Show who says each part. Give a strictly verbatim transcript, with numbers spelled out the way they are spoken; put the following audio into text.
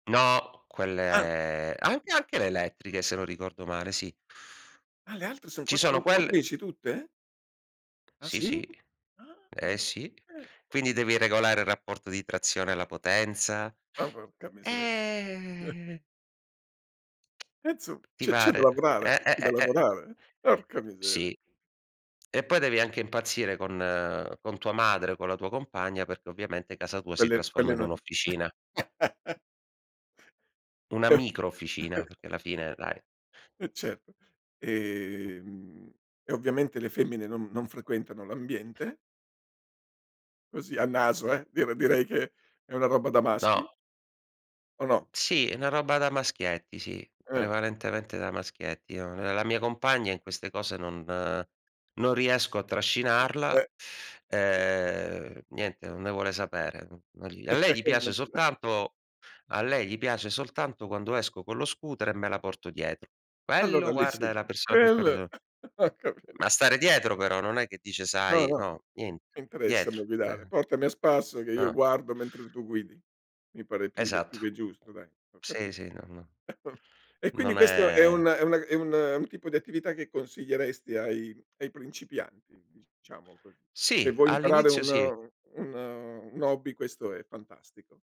Speaker 1: No,
Speaker 2: Ah.
Speaker 1: quelle anche anche le elettriche, se non ricordo male, sì.
Speaker 2: Ah, le altre sono
Speaker 1: Ci sono
Speaker 2: quattro
Speaker 1: quelle
Speaker 2: motrici tutte? Ah,
Speaker 1: Sì, sì.
Speaker 2: sì?
Speaker 1: Eh,
Speaker 2: Ah,
Speaker 1: sì.
Speaker 2: eh.
Speaker 1: Quindi devi regolare il rapporto di trazione alla potenza.
Speaker 2: Ma porca miseria.
Speaker 1: Eh
Speaker 2: E insomm
Speaker 1: Ti
Speaker 2: c'è c'è da
Speaker 1: pare.
Speaker 2: lavorare
Speaker 1: Eh, eh, eh,
Speaker 2: da
Speaker 1: eh.
Speaker 2: lavorare. Porca miseria.
Speaker 1: Sì. E poi devi anche impazzire con con tua madre, o con la tua compagna, perché ovviamente casa tua si
Speaker 2: Quelle quelle
Speaker 1: trasforma in
Speaker 2: non
Speaker 1: un'officina. Una micro officina, perché alla fine dai.
Speaker 2: E certo. Ehm, e ovviamente le femmine non non frequentano l'ambiente? Così a naso, eh, direi direi che è una roba da maschi
Speaker 1: No.
Speaker 2: o no?
Speaker 1: Sì, è una roba da maschietti, sì,
Speaker 2: Eh.
Speaker 1: prevalentemente da maschietti. No, ehm, la mia compagna in queste cose non non riesco a
Speaker 2: Eh.
Speaker 1: trascinarla. Ehm, niente, non ne vuole sapere. A lei gli piace
Speaker 2: Immaginav
Speaker 1: soltanto a lei gli piace soltanto quando esco con lo scooter, e me la porto dietro.
Speaker 2: Allora
Speaker 1: Quello
Speaker 2: lì
Speaker 1: guarda è
Speaker 2: sì,
Speaker 1: la persona più
Speaker 2: quell
Speaker 1: [unintelligible]
Speaker 2: ho capit
Speaker 1: Ma stare dietro però, non è che dice
Speaker 2: "No,
Speaker 1: sai
Speaker 2: no,
Speaker 1: no, niente,
Speaker 2: mi interessa
Speaker 1: dietro.
Speaker 2: da guidare.
Speaker 1: Eh-eh.
Speaker 2: Portami a spasso, che io
Speaker 1: Ah.
Speaker 2: guardo mentre tu guidi." Mi pare più che più
Speaker 1: Esatto.
Speaker 2: che giusto dai, ho capi
Speaker 1: Sì, sì, no, no,
Speaker 2: e quindi
Speaker 1: non
Speaker 2: questo è un
Speaker 1: è
Speaker 2: è una è un tipo di attività che consiglieresti ai ai principianti diciamo così. Se
Speaker 1: Sì,
Speaker 2: vuoi imparare
Speaker 1: all'inizio
Speaker 2: un
Speaker 1: sì.
Speaker 2: un un hobby questo è fantastico.